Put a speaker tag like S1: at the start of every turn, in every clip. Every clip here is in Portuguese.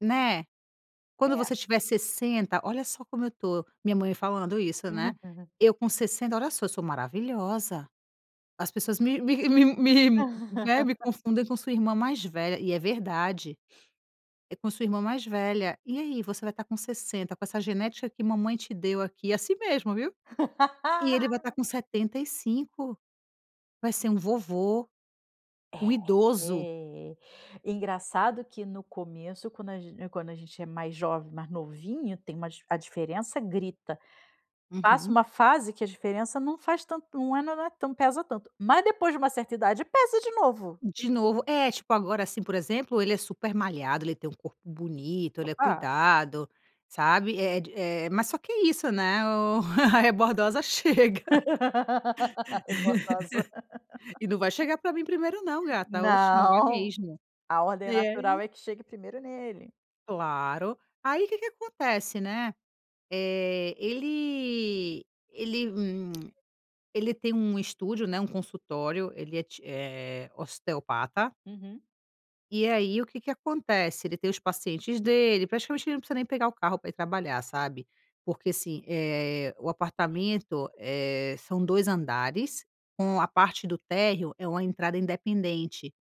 S1: Né. "Quando
S2: É.
S1: você tiver 60, olha só como eu tô." Minha mãe falando isso, né:
S2: Uhum.
S1: "Eu com 60, olha só, sou maravilhosa! As pessoas me me me me, né, me confundem com sua irmã mais velha". E é verdade, "É, com sua irmã mais velha. E aí, você vai estar com 60, com essa genética que mamãe te deu aqui," e é assim mesmo, viu. "E ele vai estar com 75. Vai ser um vovô,
S2: É,
S1: um idoso".
S2: eh, engraçado que, no começo, quando a gen quando a gente é mais jovem, mais novinho, tem uma a diferença grita. Passa
S1: Uhum.
S2: uma fase que a diferença não faz tanto não é mas não é tan não pesa tanto. Mas depois de uma certa idade pesa de novo.
S1: De novo é, tipo agora, assim, por exemplo, ele é super malhado, ele tem um corpo bonito, ele é
S2: Opa.
S1: cuidado, sabe, eh, de eh, mas só que é isso, né, o a rebordosa chega.
S2: Rebordosa.
S1: e não vai chegar pra mim 1º, não, gata. Oxe, não vai
S2: Não.
S1: mesmo.
S2: A
S1: E
S2: ordem
S1: e
S2: natural
S1: aí
S2: é que chegue 1º nele.
S1: Claro. Aí que que acontece, né. Eh, ele ele, hum hum ele tem um estúdio, né, um consultório ele é ti eh, osteopata
S2: Uhum.
S1: e aí, o que que acontece? Ele tem os pacientes dele praticamente ele não precisa nem pegar o carro pra ir trabalhar, sabe. Porque, assim, eh, o apartamento, eh, são 2 andares, com a parte do térreo é uma entrada independente.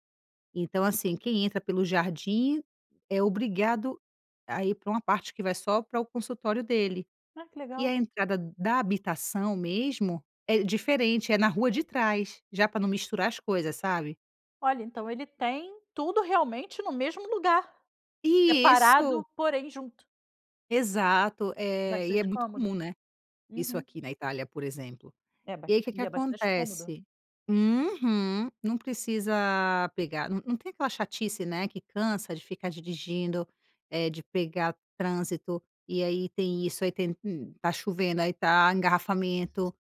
S1: Então, assim, quem entra pelo jardim é obrigado a ir pra uma parte que vai só para o consultório dele.
S2: Ah, que
S1: E
S2: legal.
S1: a entrada da habitação mesmo é diferente, é na rua de trás. Já pra não misturar as coisas, sabe.
S2: Olha, então ele tem tudo, realmente, no mesmo lugar.
S1: E isso
S2: Separado, porém junto.
S1: Exato, eh, e é
S2: Bastante
S1: muito
S2: cômodo.
S1: comum, né, isso
S2: Uhum.
S1: aqui na Itália, por exemplo.
S2: É
S1: E
S2: bas
S1: aí, que que
S2: e é bastante cômodo.
S1: acontece? Uhum! Não precisa pegar não não tem aquela chatice, né, que cansa de ficar dirigindo, eh, de pegar trânsito. E aí tem isso aí tem, hum, tá chovendo, aí tá engarrafamento.